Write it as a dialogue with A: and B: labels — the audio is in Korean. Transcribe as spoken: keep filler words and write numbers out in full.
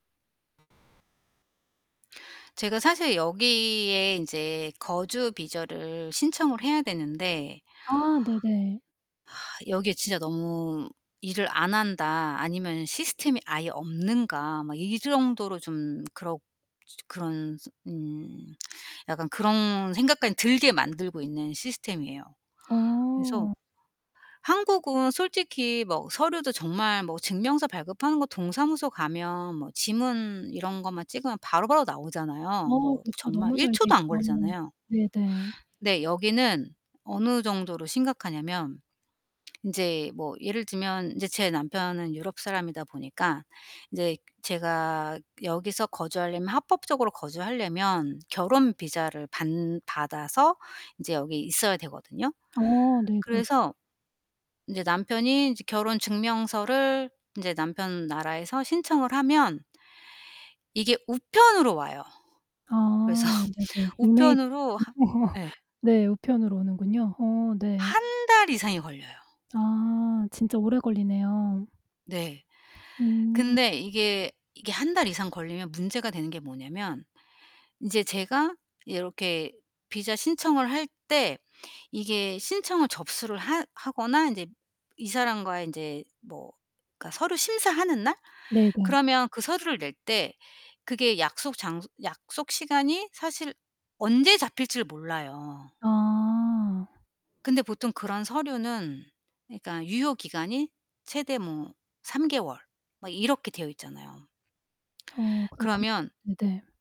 A: 제가 사실 여기에 인제 거주 비저를 신청을 해야 되는데
B: 아 네네.
A: 여기에 '진짜 너무 일을 안 한다. 아니면 시스템이 아예 없는가?' 막 이 정도로 좀 그렇 진짜 그런 스 음 약간 그런 생각까지 들게 만들고 있는 시스템이에요. 그래서
B: 어.
A: 한국은 솔직히 뭐 서류도 정말 뭐 증명서 발급하는 거 동사무소 가면 뭐 지문 이런 것만 찍으면 바로바로 나오잖아요.
B: 어
A: 뭐
B: 그렇죠.
A: 정말
B: 너무
A: 일
B: 잘 돼
A: 초도 안
B: 있죠.
A: 걸리잖아요.
B: 네네.
A: 근데 여기는 어느 정도로 심각하냐면 인제 뭐 예를 들면 이제 제 남편은 유럽 사람이다 보니까 인제 제가 여기서 거주하려면, 합법적으로 거주하려면 결혼 비자를 반 받아서 이제 여기 있어야 되거든요.
B: 어 네. 그렇
A: 그래서 이제 남편이 이제 결혼 증명서를 인제 남편 나라에서 신청을 하면 이게 우편으로 와요. 그래서
B: 아. 네네. 이메일
A: 우편으로 하
B: 말고
A: 예.
B: 네. 우편으로 오는군요. 어 네.
A: 한 달 이상이 걸려요.
B: 아 진짜 오래 걸리네요.
A: 네.
B: 음.
A: 근데 이게, 이게 한 달 이상 걸리면 문제가 되는 게 뭐냐면 인제 제가 이렇게 비자 신청을 할 때 이게 신청을 접수를 하 하거나 인제 이 사람과의 인제 뭐 그니까 서류 심사하는 날
B: 네네.
A: 그러면 그 서류를 낼 때 그게 약속 장소 약속 시간이 사실 언제 잡힐지를 몰라요.
B: 아.
A: 근데 보통 그런 서류는 그러니까 유효 기간이 최대 뭐 삼 개월 막 이렇게 되어 있잖아요.
B: 어 그렇군요.
A: 그러면
B: 네네.